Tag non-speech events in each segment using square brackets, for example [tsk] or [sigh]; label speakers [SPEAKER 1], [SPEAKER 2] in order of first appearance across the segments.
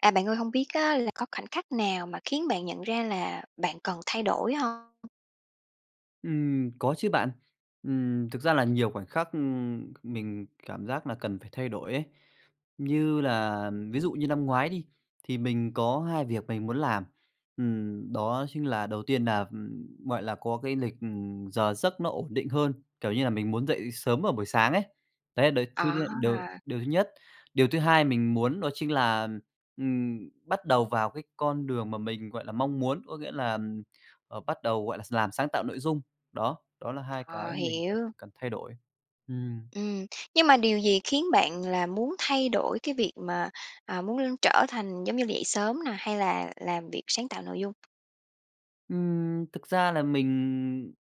[SPEAKER 1] À bạn ơi, hông biết á là có khoảnh khắc nào mà khiến bạn nhận ra là bạn cần thay đổi hông?
[SPEAKER 2] Ừm, có chứ bạn. Ừm, thực ra là nhiều khoảnh khắc, ừm, mình cảm giác nà cần phải thay đổi ấy. Như là ví dụ như lăm ngoái đi, thì mình có 2 việc mình muốn làm, ừm, đó chính là đầu tiên nà, ừm, gọi là, có cái lịch, ừm, giờ giấc nó ổn định hơn, kiểu như là, mình muốn dậy sớm vào buổi sáng ấy, đấy đấy thứ
[SPEAKER 1] Ờ,
[SPEAKER 2] nhất, điều
[SPEAKER 1] à!
[SPEAKER 2] điều thứ nhất. Điều thứ hai mình muốn đó chính là, ừm, bắt đầu vào cái con đường mà mình, gọi là, mong muốn, có nghĩa là, ừm, ờ, bắt đầu, gọi là x làm sáng tạo nội dung. Đó, đó là hai cái
[SPEAKER 1] Ờ,
[SPEAKER 2] mà mình thấy là
[SPEAKER 1] hiểu.
[SPEAKER 2] cần thay đổi. Ừm, ừm.
[SPEAKER 1] Ừm, nhưng mà điều gì khiến bạn là muốn thay đổi cái việc mà, à, muốn l trở thành giống như dậy sớm nà hay là làm việc sáng tạo nội dung?
[SPEAKER 2] Ừm, thực ra là mình,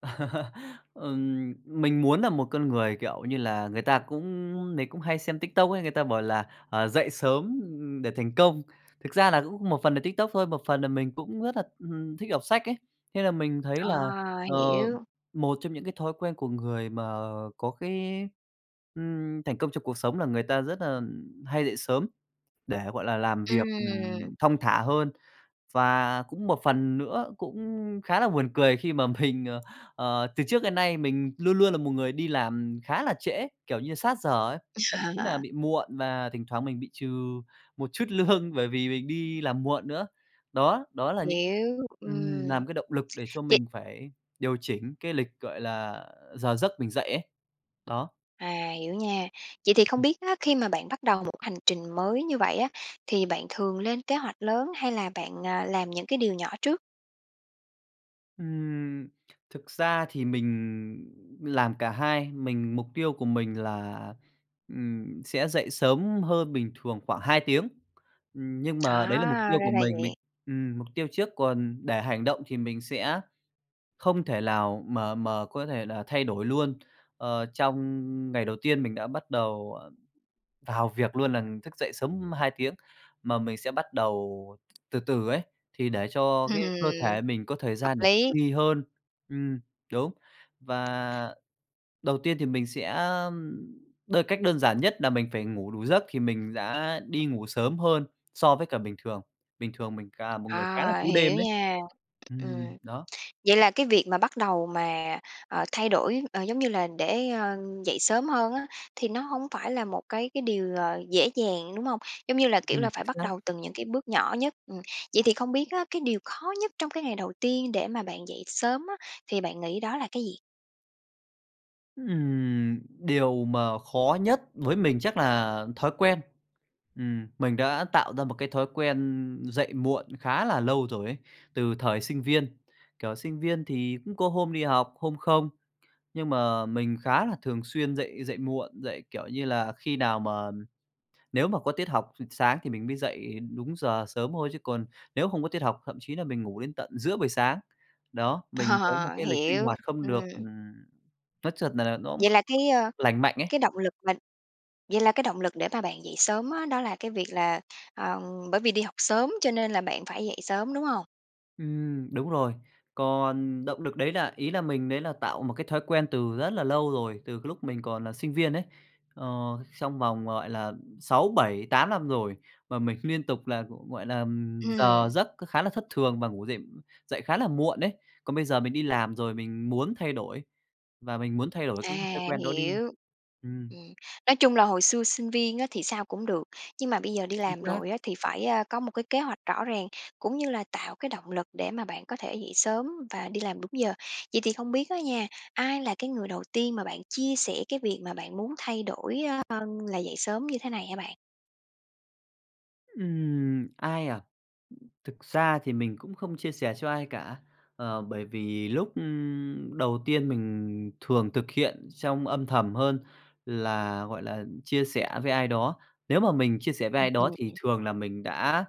[SPEAKER 2] ừm, ừm, [chuckles] ừm, mình muốn nà một con người, kiểu như là, người ta cũng ưm, ưm, mình cũng hay xem TikTok ấy, người ta bảo là, à, dậy sớm, ừm, để thành công. Thực ra là cũng một phần là TikTok thôi, một phần là mình cũng rất là, ừm hừm, thích đọc sách ấy. Thế là mình thấy là,
[SPEAKER 1] À,
[SPEAKER 2] ờ,
[SPEAKER 1] hiểu!
[SPEAKER 2] một trong những cái thói quen của người mà, à, à, có cái, ừm, thành công trong cuộc sống là người ta rất là ừm, hay dậy sớm, để, gọi là, làm việc,
[SPEAKER 1] Ừm.
[SPEAKER 2] ừm, thong thả hơn. Và cũng một phần nữa cũng khá là buồn cười khi mà mình, ờ, ờ, từ trước đến nay mình luôn luôn là một người đi làm khá là trễ, kiểu như, sát giờ ấy, thậm chí nà
[SPEAKER 1] [chuckles]
[SPEAKER 2] bị muộn và thỉnh thoảng mình bị trừ một chút lương bởi vì mình đi làm muộn nữa. Đó, đó là những
[SPEAKER 1] Hiểu,
[SPEAKER 2] ừm,
[SPEAKER 1] ừm.
[SPEAKER 2] làm cái động lực để cho
[SPEAKER 1] Vậy
[SPEAKER 2] mình phải điều chỉnh cái lịch, gọi là, à, giờ giấc mình dậy ấy. Đó.
[SPEAKER 1] À, hiểu nha! Vậy thì không
[SPEAKER 2] Ừm.
[SPEAKER 1] biết á, khi mà bạn bắt đầu một hành trình mới như vậy á thì bạn thường lên kế hoạch lớn hay là bạn, à, làm những cái điều nhỏ trước?
[SPEAKER 2] Ừm, thực ra thì mình làm cả hai. Mình mục tiêu của mình là, ừm, sẽ dậy sớm hơn bình thường khoảng 2 tiếng. Ừm, nhưng mà đấy là mục
[SPEAKER 1] À!
[SPEAKER 2] tiêu của
[SPEAKER 1] ra là
[SPEAKER 2] mình mình
[SPEAKER 1] vậy.
[SPEAKER 2] ừm, mục tiêu trước còn để hành động thì mình sẽ không thể lào mà mà có thể là thay đổi luôn, ờ, trong ngày đầu tiên mình đã bắt đầu, à, vào việc luôn nà thức dậy sớm 2 tiếng, mà mình sẽ bắt đầu từ từ ấy, thì để cho cái
[SPEAKER 1] Ừm,
[SPEAKER 2] cơ thể mình có thời
[SPEAKER 1] hợp
[SPEAKER 2] gian để
[SPEAKER 1] lý.
[SPEAKER 2] nghi hơn. Ừm, đúng. Và đầu tiên thì mình sẽ đơn cách đơn giản nhất là mình phải ngủ đủ giấc, thì mình đã đi ngủ sớm hơn so với cả bình thường. Bình thường mình cà một người khá là
[SPEAKER 1] À,
[SPEAKER 2] cú đêm
[SPEAKER 1] hiểu
[SPEAKER 2] đấy.
[SPEAKER 1] nha!
[SPEAKER 2] Ừm,
[SPEAKER 1] Ừm.
[SPEAKER 2] đó.
[SPEAKER 1] Vậy là cái việc mà bắt đầu mà, ờ, thay đổi, ờ, giống như là để, ơ, dậy sớm hơn á thì nó hông phải là một cái cái điều, ờ, dễ dàng, đúng hông? Giống như là, kiểu
[SPEAKER 2] Ừm,
[SPEAKER 1] là,
[SPEAKER 2] chính
[SPEAKER 1] phải bắt
[SPEAKER 2] xác.
[SPEAKER 1] đầu từng những cái bước nhỏ nhất, ừm. Vậy thì không biết á cái điều khó nhất trong cái ngày đầu tiên để mà bạn dậy sớm á thì bạn nghĩ đó là cái gì?
[SPEAKER 2] Ừm, điều mà khó nhất với mình chắc là thói quen, ừm, mình đã tạo ra một cái thói quen dậy muộn khá là lâu rồi ấy, từ thời sinh viên. Kiểu, sinh viên thì cũng có hôm đi học, hôm không, nhưng mà mình khá là thường xuyên dậy dậy muộn, dậy, kiểu như là, khi nào mà nếu mà có tiết học s sáng thì mình mới dậy đúng giờ sớm thôi chứ còn nếu không có tiết học, thậm chí là mình ngủ đến tận giữa buổi sáng. Đó, mình có một
[SPEAKER 1] Ờ,
[SPEAKER 2] cái lịch sinh
[SPEAKER 1] hiểu,
[SPEAKER 2] hoạt không được,
[SPEAKER 1] ừm.
[SPEAKER 2] ừm nói chật nà nó cũng
[SPEAKER 1] Vậy
[SPEAKER 2] không
[SPEAKER 1] là cái, ơ,
[SPEAKER 2] lành mạnh ấy.
[SPEAKER 1] cái động lực mà vậy là cái động lực để mà bạn dậy sớm á, đó là cái việc là, ờ, bởi vì đi học sớm cho nên là bạn phải dậy sớm, đúng hông?
[SPEAKER 2] Ừm, đúng rồi. Còn động nực đấy là ý là mình đấy là tạo một cái thói quen từ rất là lâu rồi, từ cái lúc mình còn là sinh viên ấy. Ờ, trong vòng, gọi là, 6, 7, 8 năm rồi mà mình liên tục là, g gọi là, giờ
[SPEAKER 1] Ừm.
[SPEAKER 2] giấc khá là thất thường và ngủ dậy dậy khá là muộn đấy. Còn bây giờ mình đi làm rồi mình muốn thay đổi và mình muốn thay đổi
[SPEAKER 1] À,
[SPEAKER 2] cái thói quen đó đi.
[SPEAKER 1] hiểu!
[SPEAKER 2] Ừm.
[SPEAKER 1] Ừm, nói chung là hồi xưa sinh viên á thì sao cũng được, nhưng mà bây giờ đi
[SPEAKER 2] Chính
[SPEAKER 1] làm
[SPEAKER 2] xác.
[SPEAKER 1] rồi á thì phải, a, có một cái kế hoạch rõ ràng cũng như là tạo cái động lực để mà bạn có thể dậy sớm và đi làm đúng giờ. Vậy thì không biết á nha, ai là cái người đầu tiên mà bạn chia sẻ cái việc mà bạn muốn thay đổi, ơ, là dậy sớm như thế này hả bạn?
[SPEAKER 2] Ừm, ai à? Thực ra thì mình cũng không chia sẻ cho ai cả, ờ, bởi vì lúc, ưm, đầu tiên mình thường thực hiện trong âm thầm hơn là, gọi là, chia sẻ với ai đó. Nếu mà mình chia sẻ với
[SPEAKER 1] Ừm,
[SPEAKER 2] ai đó thì
[SPEAKER 1] ừm.
[SPEAKER 2] thường là mình đã,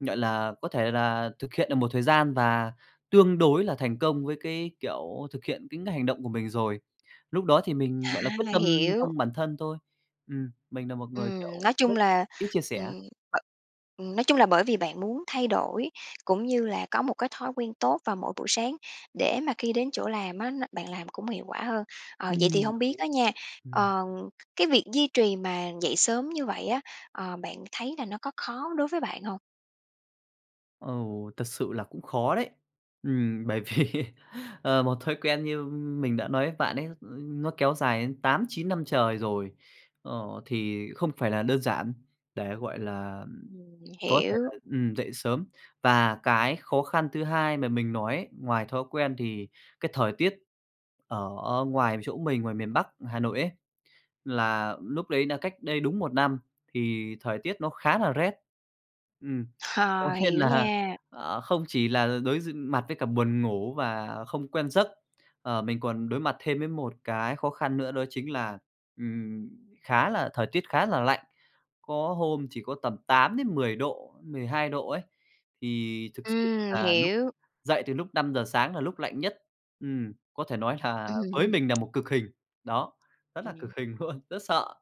[SPEAKER 2] gọi là, có thể là thực hiện được một thời gian và tương đối là thành công với cái kiểu thực hiện cái ngành động của mình rồi. Lúc đó thì mình, gọi là, quyết
[SPEAKER 1] À,
[SPEAKER 2] tâm
[SPEAKER 1] hiểu!
[SPEAKER 2] trong bản thân thôi. Ừm, mình nà một người,
[SPEAKER 1] Ừm,
[SPEAKER 2] kiểu,
[SPEAKER 1] nói
[SPEAKER 2] rất
[SPEAKER 1] chung là,
[SPEAKER 2] ít chia sẻ.
[SPEAKER 1] ừm, b ừm, nói chung là bởi vì bạn muốn thay đổi cũng như là có một cái thói quen tốt vào mỗi buổi sáng để mà khi đến chỗ làm á, nó bạn làm cũng hiệu quả hơn. Ờ, vậy thì
[SPEAKER 2] Ừm,
[SPEAKER 1] hông biết á nha,
[SPEAKER 2] ừm.
[SPEAKER 1] ờ, cái việc duy trì mà dậy sớm như vậy á, ờ, bạn thấy là nó có khó đối với bạn hông?
[SPEAKER 2] Ừ, thật sự là cũng khó đấy. Ừm, bởi vì, ờ, một thói quen như mình đã nói với bạn ấy, ơ, nó kéo dài đến 8-9 năm trời rồi, ờ, thì không phải là đơn giản để, gọi là, ừm,
[SPEAKER 1] Ừm,
[SPEAKER 2] có thể
[SPEAKER 1] hiểu.
[SPEAKER 2] là, ừm, dậy sớm. Và cái khó khăn thứ hai mà mình nói ấy, ngoài thói quen thì cái thời tiết ở ngoài chỗ mình, ngoài miền Bắc Hà Nội ấy, là núc đấy là cách đây đúng 1 năm thì thời tiết nó khá là rét. Ừm,
[SPEAKER 1] Ờ,
[SPEAKER 2] có nghĩa
[SPEAKER 1] hiểu
[SPEAKER 2] là,
[SPEAKER 1] nha.
[SPEAKER 2] à, không chỉ là đối d mặt với cả buồn ngủ và không quen giấc, ờ, mình còn đối mặt thêm với một cái khó khăn nữa đó chính là, ừm, khá là thời tiết khá là lạnh. Có hôm chỉ có tầm 8 đến 10 độ, 12 độ ấy, thì thực sự
[SPEAKER 1] Ừm,
[SPEAKER 2] là lúc
[SPEAKER 1] hiểu!
[SPEAKER 2] dậy từ lúc 5:00 sáng là lúc lạnh nhất, ừm, có thể nói là với
[SPEAKER 1] Ừm.
[SPEAKER 2] mình nà một cực hình. Đó, rất là
[SPEAKER 1] Ừm.
[SPEAKER 2] cực hình luôn, rất sợ.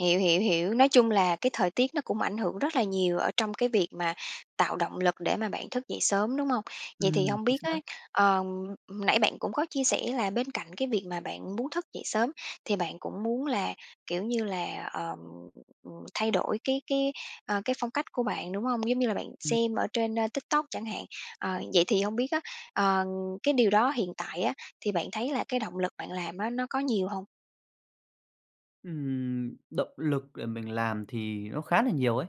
[SPEAKER 1] Hiểu, hiểu, hiểu, nói chung là cái thời tiết nó cũng ảnh hưởng rất là nhiều ở trong cái việc mà tạo động lực để mà bạn thức dậy sớm, đúng hông? Vậy thì
[SPEAKER 2] Ừm,
[SPEAKER 1] hông
[SPEAKER 2] chính
[SPEAKER 1] biết
[SPEAKER 2] xác.
[SPEAKER 1] á, ờm, nãy bạn cũng có chia sẻ là bên cạnh cái việc mà bạn muốn thức dậy sớm, thì bạn cũng muốn là, kiểu như là, ờm, ừm, thay đổi cái cái, ờ, cái phong cách của bạn, đúng hông? Giống như là bạn
[SPEAKER 2] Ừm.
[SPEAKER 1] xem ở trên, ơ, TikTok chẳng hạn. Ờ, vậy thì hông biết á, ờ, cái điều đó hiện tại á, thì bạn thấy là cái động lực bạn làm á, nó có nhiều hông?
[SPEAKER 2] Ừm, động lực để mình làm thì nó khá là nhiều ấy,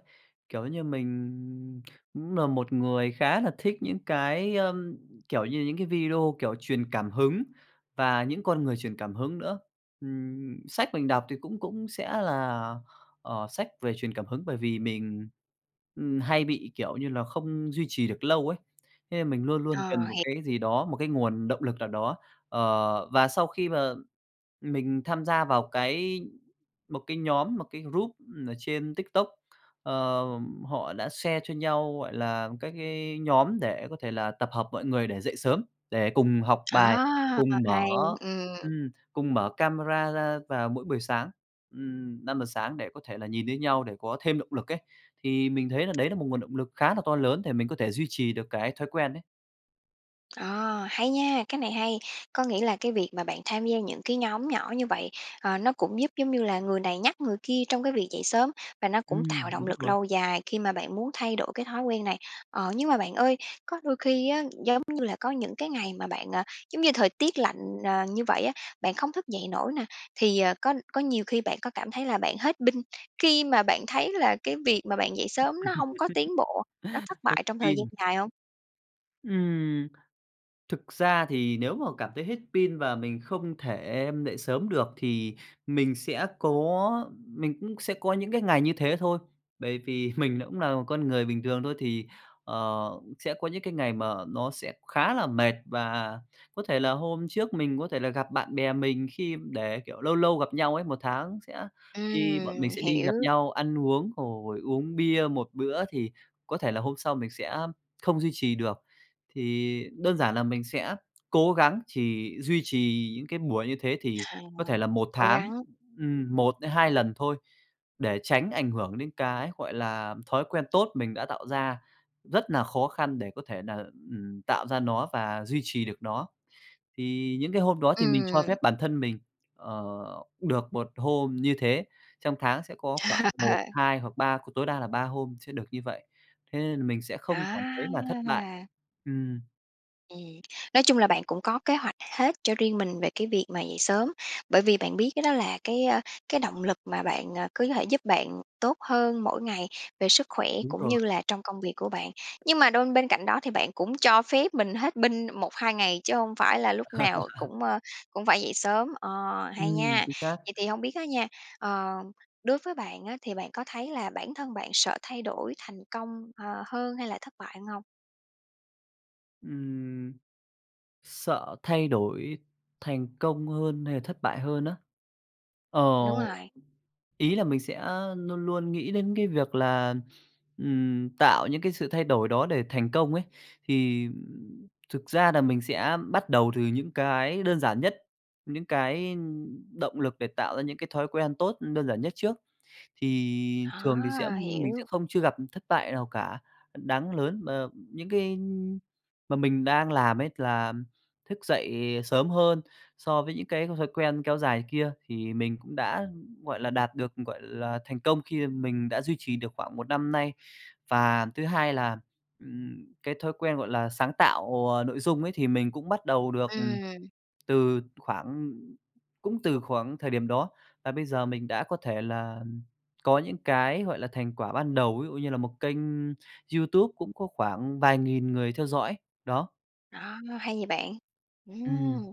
[SPEAKER 2] kiểu như, mình cũng là một người khá là thích những cái, ơm, kiểu như, những cái video, kiểu, truyền cảm hứng và những con người truyền cảm hứng nữa. Ừm, sách mình đọc thì cũng cũng sẽ là, ờ, sách về truyền cảm hứng, bởi vì mình, ừm, hay bị, kiểu như là không duy trì được lâu ấy. Thế nên mình luôn luôn
[SPEAKER 1] Ờ,
[SPEAKER 2] cần một
[SPEAKER 1] h
[SPEAKER 2] cái gì đó, một cái nguồn động lực nào đó. Ờ, và sau khi mà mình tham gia vào cái một cái nhóm, một cái group ở trên TikTok, ờ, họ đã share cho nhau, gọi là, các cái nhóm để có thể là tập hợp mọi người để dậy sớm, để cùng học bài,
[SPEAKER 1] Đó,
[SPEAKER 2] cùng
[SPEAKER 1] h
[SPEAKER 2] mở
[SPEAKER 1] hay, ừm.
[SPEAKER 2] ừm, cùng mở camera ra vào mỗi buổi sáng, ừm, 5:00 sáng để có thể là nhìn thấy nhau để có thêm động lực ấy. Thì mình thấy là đấy là một nguồn động lực khá là to lớn để mình có thể duy trì được cái thói quen ấy.
[SPEAKER 1] Ờ, hay nha, cái này hay. Có nghĩa là cái việc mà bạn tham gia những cái nhóm nhỏ như vậy, ờ, nó cũng giúp, giống như là, người này nhắc người kia trong cái việc dậy sớm và nó cũng
[SPEAKER 2] Ừm,
[SPEAKER 1] tạo động
[SPEAKER 2] đúng
[SPEAKER 1] lực
[SPEAKER 2] rồi.
[SPEAKER 1] lâu dài khi mà bạn muốn thay đổi cái thói quen này. Ờ, nhưng mà bạn ơi, có đôi khi á, giống như là, có những cái ngày mà bạn, ờ, giống như, thời tiết lạnh, ờ, như vậy á, bạn không thức dậy nổi nè, thì, ờ, có có nhiều khi bạn có cảm thấy là bạn hết pin, khi mà bạn thấy là cái việc mà bạn dậy
[SPEAKER 2] [chuckles]
[SPEAKER 1] sớm nó hông có tiến bộ, nó thất bại
[SPEAKER 2] Hết
[SPEAKER 1] trong thời gian
[SPEAKER 2] pin.
[SPEAKER 1] dài hông?
[SPEAKER 2] Ừm. Thực ra thì nếu mà cảm thấy hết pin và mình không thể dậy sớm được thì mình sẽ có mình cũng sẽ có những cái ngày như thế thôi, bởi vì mình cũng là một con người bình thường thôi, thì, ờ, sẽ có những cái ngày mà nó sẽ khá là mệt và có thể là hôm trước mình có thể là gặp bạn bè mình khi để kiểu, lâu lâu gặp nhau ấy, 1 tháng sẽ đi bọn mình
[SPEAKER 1] Ừm,
[SPEAKER 2] sẽ đi
[SPEAKER 1] hiểu!
[SPEAKER 2] gặp nhau ăn uống rồi uống bia 1 bữa thì có thể là hôm sau mình sẽ không duy trì được. Thì đơn giản là mình sẽ cố gắng chỉ duy trì những cái buổi như thế thì
[SPEAKER 1] À,
[SPEAKER 2] có thể là 1
[SPEAKER 1] cố
[SPEAKER 2] tháng,
[SPEAKER 1] gắng.
[SPEAKER 2] ừm, 1-2 lần thôi, để tránh ảnh hưởng đến cái, gọi là, thói quen tốt mình đã tạo ra rất nà khó khăn để có thể nà, ừm, tạo ra nó và duy trì được nó. Thì những cái hôm đó thì mình cho
[SPEAKER 1] Ừm.
[SPEAKER 2] phép bản thân mình, ờ, được 1 hôm như thế, trong tháng sẽ có khoảng một
[SPEAKER 1] [chuckles]
[SPEAKER 2] hai hoặc 3 tối đa là 3 hôm sẽ được như vậy thế nên là mình sẽ không cảm thấy là thất bại.
[SPEAKER 1] À!
[SPEAKER 2] Ừm.
[SPEAKER 1] Ừm, nói chung là bạn cũng có kế hoạch hết cho riêng mình về cái việc mà dậy sớm. Bởi vì bạn biết cái đó là cái, ơ, cái động lực mà bạn, à, cứ thể giúp bạn tốt hơn mỗi ngày về sức khỏe
[SPEAKER 2] Đúng
[SPEAKER 1] cũng
[SPEAKER 2] rồi.
[SPEAKER 1] như là trong công việc của bạn. Nhưng mà đon bên cạnh đó thì bạn cũng cho phép mình hết pin 1-2 ngày chứ hông phải là lúc nào
[SPEAKER 2] [chuckles]
[SPEAKER 1] cũng, ơ, cũng phải dậy sớm. Ờ, hay
[SPEAKER 2] Ừm,
[SPEAKER 1] nha.
[SPEAKER 2] chính xác.
[SPEAKER 1] Vậy thì hông biết á nha, ờ, đối với bạn á, thì bạn có thấy là bản thân bạn sợ thay đổi thành công, ờ, hơn hay là thất bại hơn hông?
[SPEAKER 2] Ừm, sợ thay đổi thành công hơn hay là thất bại hơn á? Ờ,
[SPEAKER 1] Đúng rồi.
[SPEAKER 2] ý là mình sẽ luôn luôn nghĩ đến cái việc là, ừm, tạo những cái sự thay đổi đó để thành công ấy, thì thực ra là mình sẽ bắt đầu từ những cái đơn giản nhất, những cái động lực, ưm, để tạo ra những cái thói quen tốt, ừm, đơn giản nhất trước. Thì thường thì sẽ
[SPEAKER 1] À,
[SPEAKER 2] mình sẽ
[SPEAKER 1] hiểu.
[SPEAKER 2] không chưa gặp thất bại nào cả đáng lớn, ờ, những cái, ưm, mà mình đang làm ấy, là thức dậy sớm hơn so với những cái thói quen kéo dài kia thì mình cũng đã, gọi là đạt được, gọi là thành công khi mình đã duy trì được khoảng 1 năm nay. Và thứ hai là, ừm, cái thói quen, gọi là sáng tạo, à, nội dung ấy, thì mình cũng bắt đầu được, ừm,
[SPEAKER 1] Ừm.
[SPEAKER 2] từ khoảng cũng từ khoảng thời điểm đó, và bây giờ mình đã có thể là có những cái gọi là thành quả ban đầu, ví dụ như là một kênh YouTube cũng có phản vài nghìn người theo dõi đó.
[SPEAKER 1] Ờ, hay vậy bạn. Ừm,
[SPEAKER 2] Ừm.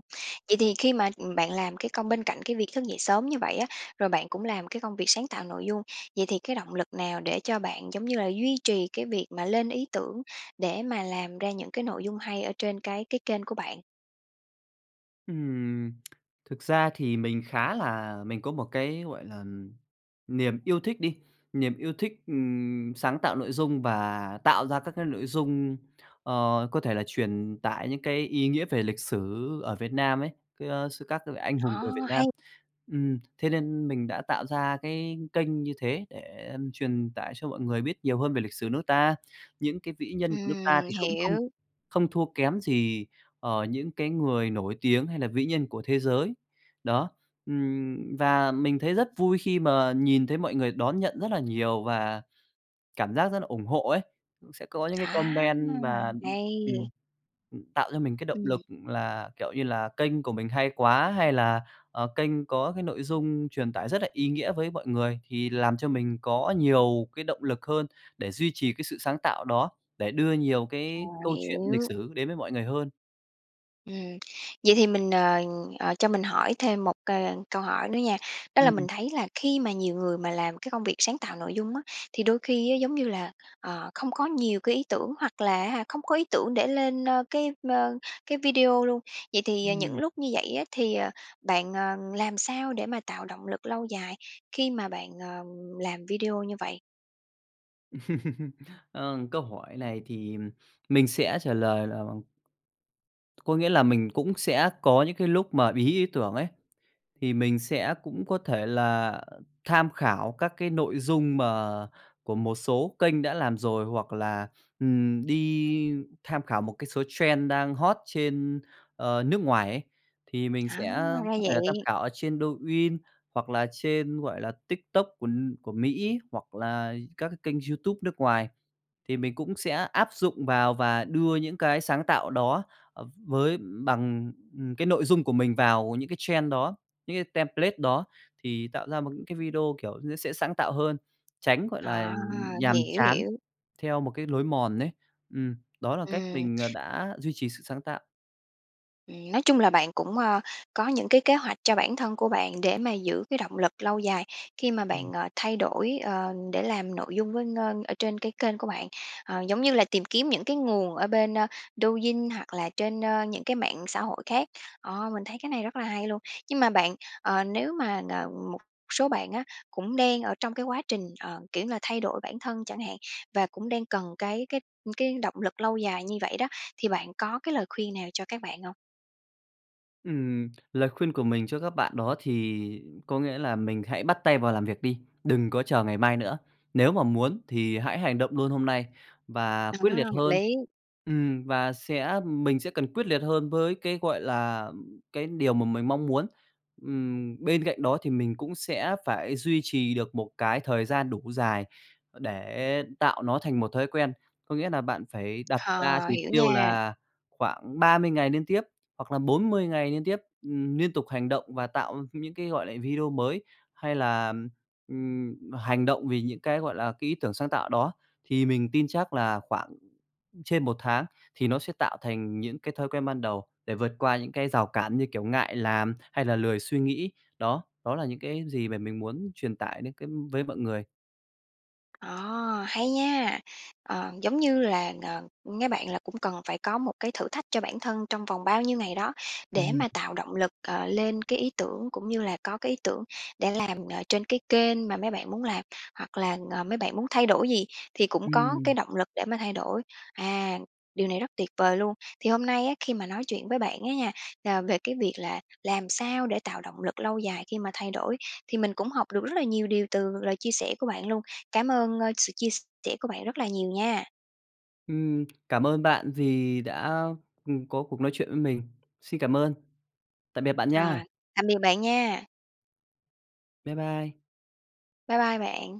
[SPEAKER 1] vậy thì khi mà bạn làm cái công bên cạnh cái việc thức dậy sớm như vậy á, rồi bạn cũng làm cái công việc sáng tạo nội dung, vậy thì cái động lực nào để cho bạn giống như là duy trì cái việc mà lên ý tưởng, để mà làm ra những cái nội dung hay ở trên cái cái kênh của bạn?
[SPEAKER 2] Ừm. [tsk] Thực ra thì mình khá là mình có một cái, gọi là, niềm yêu thích đi, niềm yêu thích, ừm, sáng tạo nội dung và tạo ra các cái nội dung, ờ, có thể là truyền tải những cái ý nghĩa về lịch sử ở Việt Nam ấy, ơ, sư các vị anh hùng
[SPEAKER 1] Ờ,
[SPEAKER 2] người Việt Nam.
[SPEAKER 1] hay.
[SPEAKER 2] Ừm, thế nên mình đã tạo ra cái kênh như thế để, ừm, truyền tải cho mọi người biết nhiều hơn về lịch sử nước ta. Những cái vĩ nhân của nước ta
[SPEAKER 1] Ừm,
[SPEAKER 2] thì cũng không
[SPEAKER 1] hiểu!
[SPEAKER 2] không thua kém gì, ờ, những cái người nổi tiếng hay là vĩ nhân của thế giới. Đó, ừm, và mình thấy rất vui khi mà nhìn thấy mọi người đón nhận rất là nhiều và cảm giác rất là ủng hộ ấy. Sẽ có những cái
[SPEAKER 1] Á,
[SPEAKER 2] comment và ừm,
[SPEAKER 1] hay!
[SPEAKER 2] tạo cho mình cái động
[SPEAKER 1] Ừm.
[SPEAKER 2] lực là kiểu như là kênh của mình hay quá, hay là, ờ, kênh có cái nội dung truyền tải rất là ý nghĩa với mọi người, thì làm cho mình có nhiều cái động lực hơn để duy trì cái sự sáng tạo đó, để đưa nhiều
[SPEAKER 1] Ờ,
[SPEAKER 2] cái câu chuyện lịch
[SPEAKER 1] hiểu!
[SPEAKER 2] sử đến với mọi người hơn.
[SPEAKER 1] Ừm, vậy thì mình, ờ, ờ, cho mình hỏi thêm một, c ờ, câu hỏi nữa nha, đó là mình
[SPEAKER 2] Ừm.
[SPEAKER 1] thấy là khi mà nhiều người mà làm cái công việc sáng tạo nội dung á, thì đôi khi á, giống như là, ờ, không có nhiều cái ý tưởng hoặc là á hả, không có ý tưởng để lên, ơ, cái, ơ, cái video luôn. Vậy thì, ờ, những
[SPEAKER 2] Ừm.
[SPEAKER 1] lúc như vậy á, thì, à, bạn, ờ, làm sao để mà tạo động lực lâu dài khi mà bạn, ờ, làm video như vậy?
[SPEAKER 2] [chuckles] Ờ, câu hỏi này thì, ừm, mình sẽ trả lời là, ừm Có nghĩa là mình cũng sẽ có những cái lúc mà bí ý tưởng ấy, thì mình sẽ cũng có thể là tham khảo các cái nội dung mà của một số kênh đã làm rồi, hoặc là, ừm, đi tham khảo một cái số trend đang hot trên, ờ, nước ngoài ấy. Thì mình
[SPEAKER 1] À,
[SPEAKER 2] sẽ có
[SPEAKER 1] ra
[SPEAKER 2] thể là tham
[SPEAKER 1] vậy!
[SPEAKER 2] khảo ở trên Douyin hoặc là trên, gọi là, TikTok của của Mỹ ấy, hoặc là các cái kênh YouTube nước ngoài. Thì mình cũng sẽ áp dụng vào và đưa những cái sáng tạo đó, à, v với bằng, ừ, cái nội dung của mình vào những cái trend đó, những cái template đó thì tạo ra một cái video kiểu nó sẽ sáng tạo hơn, tránh, gọi là,
[SPEAKER 1] À,
[SPEAKER 2] ừm, nhàm
[SPEAKER 1] hiểu,
[SPEAKER 2] chán
[SPEAKER 1] hiểu!
[SPEAKER 2] theo một cái lối mòn ấy. Ừm, đó là cách
[SPEAKER 1] Ừm.
[SPEAKER 2] mình, à, đã duy trì sự sáng tạo.
[SPEAKER 1] Ừm, nói chung là bạn cũng, ờ, có những cái kế hoạch cho bản thân của bạn để mà giữ cái động lực lâu dài khi mà
[SPEAKER 2] Ừm.
[SPEAKER 1] bạn, ờ, thay đổi, ờ, để làm nội dung với, ờ, ở trên cái kênh của bạn. Ờ, giống như là tìm kiếm những cái nguồn ở bên, a, Douyin hoặc là trên, ờ, những cái mạng xã hội khác, ờ, mình thấy cái này rất là hay luôn. Nhưng mà bạn, ờ, nếu mà, ờ, một số bạn á cũng đang ở trong cái quá trình, ờ, kiểu như là, thay đổi bản thân chẳng hạn, và cũng đang cần cái cái cái động lực lâu dài như vậy đó, thì bạn có cái lời khuyên nào cho các bạn hông?
[SPEAKER 2] Ừm, lời khuyên của mình cho các bạn đó thì có nghĩa là mình hãy bắt tay vào làm việc đi, đừng có chờ ngày mai nữa. Nếu mà muốn thì hãy hành động luôn hôm nay và
[SPEAKER 1] À,
[SPEAKER 2] quyết liệt
[SPEAKER 1] hợp
[SPEAKER 2] hơn.
[SPEAKER 1] lý!
[SPEAKER 2] Ừm, và sẽ mình sẽ cần quyết liệt hơn với cái, gọi là, ừm, cái điều mà mình mong muốn. Ừm, bên cạnh đó thì mình cũng sẽ phải duy trì được một cái thời gian đủ dài để tạo nó thành một thói quen. Có nghĩa nà bạn phải đặt ra
[SPEAKER 1] Ờ,
[SPEAKER 2] chỉ
[SPEAKER 1] hiểu
[SPEAKER 2] tiêu
[SPEAKER 1] nha!
[SPEAKER 2] là khoảng 30 ngày liên tiếp hoặc là 40 ngày liên tiếp, ừm, niên tục hành động và tạo những cái, gọi là, video mới. Hay là, ừm, ừm, hành động vì những cái, gọi là, cái ý tưởng sáng tạo đó, thì mình tin chắc là khoảng trên 1 tháng thì nó sẽ tạo thành những cái thói quen ban đầu, để vượt qua những cái rào cản như kiểu ngại làm hay là lười suy nghĩ. Đó, đó là những cái gì mà mình muốn truyền tải đến cái với mọi người.
[SPEAKER 1] Ờ, hay nha! Ờ, giống như là, ờ, mấy bạn là cũng cần phải có một cái thử thách cho bản thân trong vòng bao nhiêu ngày đó,
[SPEAKER 2] Ừm
[SPEAKER 1] để
[SPEAKER 2] hừm.
[SPEAKER 1] mà tạo động lực, ờ, lên cái ý tưởng cũng như là có cái ý tưởng để làm, ờ, trên cái kênh mà mấy bạn muốn làm. Hoặc là, ờ, mấy bạn muốn thay đổi gì thì cũng có cái
[SPEAKER 2] Ừm.
[SPEAKER 1] động lực để mà thay đổi. À, điều này rất tuyệt vời luôn! Thì hôm nay á, khi mà nói chuyện với bạn á nha, à, về cái việc là làm sao để tạo động lực lâu dài khi mà thay đổi thì mình cũng học được rất là nhiều điều từ lời chia sẻ của bạn luôn. Cảm ơn sự chia sẻ của bạn rất là nhiều nha.
[SPEAKER 2] Ừm. Cảm ơn bạn vì đã, ừ, có cuộc nói chuyện với mình. Xin cảm ơn. Tạm biệt bạn nha!
[SPEAKER 1] À, tạm biệt bạn nha.
[SPEAKER 2] Bye bye.
[SPEAKER 1] Bye bye bạn.